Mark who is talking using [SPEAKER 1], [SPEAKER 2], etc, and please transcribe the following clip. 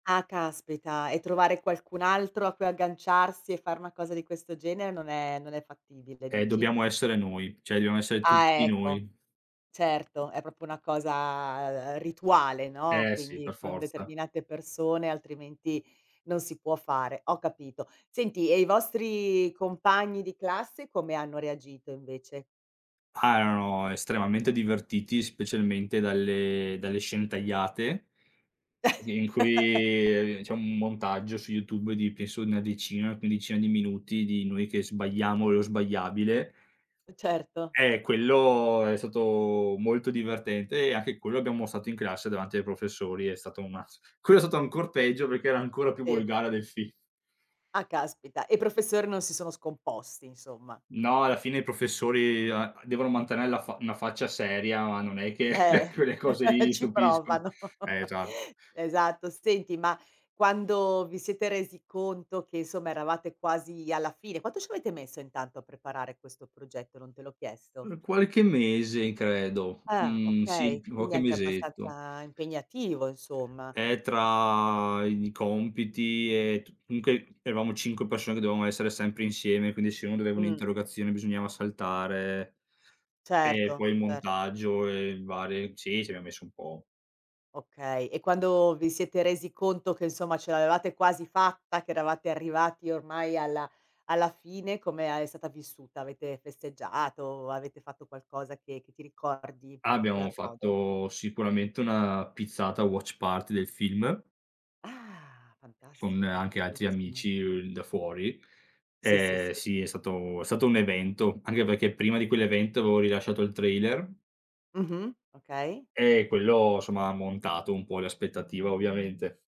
[SPEAKER 1] Ah caspita e trovare qualcun altro a cui agganciarsi e fare una cosa di questo genere non è non è fattibile
[SPEAKER 2] Eh,
[SPEAKER 1] dici?
[SPEAKER 2] dobbiamo essere noi, cioè dobbiamo essere
[SPEAKER 1] Ah
[SPEAKER 2] tutti
[SPEAKER 1] ecco,
[SPEAKER 2] noi.
[SPEAKER 1] certo è proprio una cosa, ehm, rituale, no.
[SPEAKER 2] Eh sì, per
[SPEAKER 1] Quindi con
[SPEAKER 2] forza.
[SPEAKER 1] determinate persone altrimenti non si può fare, ho capito. Senti e i vostri compagni di classe come hanno reagito invece?
[SPEAKER 2] Ah erano estremamente divertiti, specialmente dalle dalle scene tagliate in cui, ehm, c'è un montaggio su YouTube, di penso di una decina, quindicina di minuti, di noi che sbagliamo lo sbagliabile.
[SPEAKER 1] Certo.
[SPEAKER 2] Eh quello è stato molto divertente e anche quello abbiamo mostrato in classe, davanti ai professori e è stato un mazzo. Quello è stato ancor peggio perché era ancora più
[SPEAKER 1] Sì.
[SPEAKER 2] volgare del film.
[SPEAKER 1] Ah caspita, e i professori non si sono scomposti, insomma.
[SPEAKER 2] No, alla fine i professori a devono mantenere la fa una faccia seria, ma non è che
[SPEAKER 1] Eh,
[SPEAKER 2] quelle cose lì li
[SPEAKER 1] ci
[SPEAKER 2] stupiscono.
[SPEAKER 1] provano.
[SPEAKER 2] Eh esatto.
[SPEAKER 1] Esatto, senti ma quando vi siete resi conto che, insomma, eravate quasi alla fine quanto ci avete messo intanto a preparare questo progetto? Non te l'ho chiesto.
[SPEAKER 2] Uhm, qualche mese credo,
[SPEAKER 1] Ah
[SPEAKER 2] mhmm, sì
[SPEAKER 1] okay,
[SPEAKER 2] [unintelligible]
[SPEAKER 1] quindi
[SPEAKER 2] qualche
[SPEAKER 1] anche
[SPEAKER 2] mesetto.
[SPEAKER 1] abbastanza impegnativo, insomma.
[SPEAKER 2] Eh tra i compiti e tu comunque eravamo 5 persone che dovevamo esser sempre insieme, quindi se uno doveva
[SPEAKER 1] Mh.
[SPEAKER 2] un'interrogazione bisognava saltare e
[SPEAKER 1] Certo,
[SPEAKER 2] poi il
[SPEAKER 1] certo.
[SPEAKER 2] montaggio e varie sì, ci abbiam messo un po'.
[SPEAKER 1] Okay. E quando vi siete resi conto che insomma ce l'avevate quasi fatta, che eravate arrivati ormai alla alla fine, come a è stata vissuta? Avete festeggiato? Avete fatto qualcosa che che ti ricordi in
[SPEAKER 2] Abbiamo
[SPEAKER 1] particolar modo?
[SPEAKER 2] fatto sicuramente una pizzata watch party del film
[SPEAKER 1] Ah
[SPEAKER 2] con
[SPEAKER 1] fantastico,
[SPEAKER 2] anche altri
[SPEAKER 1] bellissimo.
[SPEAKER 2] amici, uhm, da fuori.
[SPEAKER 1] Sì, sì,
[SPEAKER 2] Eh
[SPEAKER 1] sì.
[SPEAKER 2] sì è stato è stato un evento, anche perché prima di quell'evento avevo rilasciato il trailer.
[SPEAKER 1] Mh-mh, okay.
[SPEAKER 2] Eh quello, somma, ha montato un po' le aspettativa, ovviamente.